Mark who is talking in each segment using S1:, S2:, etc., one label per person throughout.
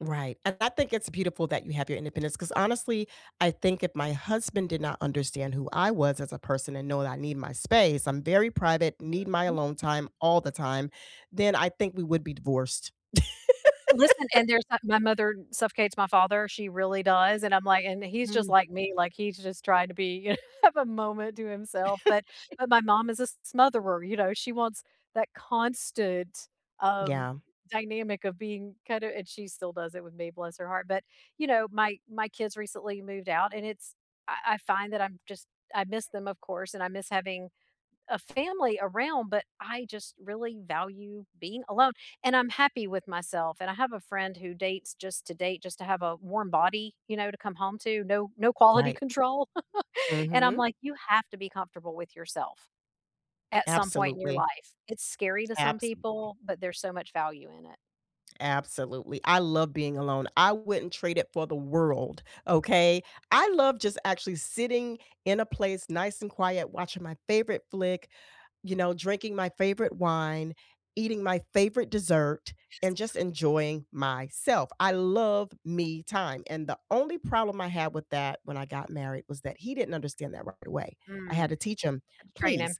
S1: Right, and I think it's beautiful that you have your independence, 'cause honestly, I think if my husband did not understand who I was as a person and know that I need my space, I'm very private, need my
S2: [unintelligible]
S1: alone time all the time, then I think we would be divorced.
S2: Listen, and there's, uh my mother suffocates my father. She really does, and I'm, like, and he's just
S1: Mm.
S2: like me, like, he's just trying to be, you have a moment to himself, but but, my mom is a s smotherer, you know, she wants that constant, um,
S1: Yeah.
S2: dynamic of being kinda and she still does it with me, bless her heart, but, you know, my my kids recently moved out and it's I I find that I'm just, I miss them, of course, and I miss having a family around, but I just really value being alone and I'm happy with myself and I have a friend who dates just to date just to have a warm body, you know, to come home to, no no quality
S1: Right.
S2: control, and I'm,
S1: Mhm.
S2: like, you have to be comfortable with yourself at some point in your
S1: Absolutely.
S2: life. It's scary to some
S1: Absolutely.
S2: people, but there's so much value in it.
S1: Absolutely. I love being alone. I wouldn't trade it for the world, okay? I love just actually sitting in a place nice and quiet, watching my favorite flick, you know, drinking my favorite wine, eating my favorite dessert,
S2: Yes.
S1: and just enjoying myself. I love me time and the only problem I had with that when I got married was that he didn't understand that right away. I
S2: Mm,
S1: had to teach him,
S2: and train him.
S1: "Please,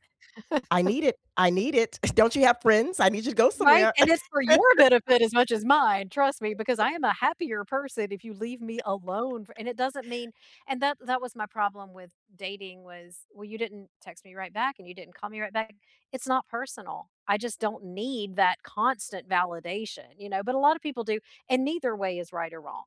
S1: I need it, I need it. Don't you have friends? I need you to go
S2: Right?
S1: somewhere."
S2: And it's for your benefit as much as mine, trust me, because I am a happier person if you leave me alone for and it doesn't mean, and that that was my problem with dating was, well, you didn't text me right back and you didn't call me right back. It's not personal. I just don't need that constant validation, you know, but a lotta people do, and neither way is right or wrong.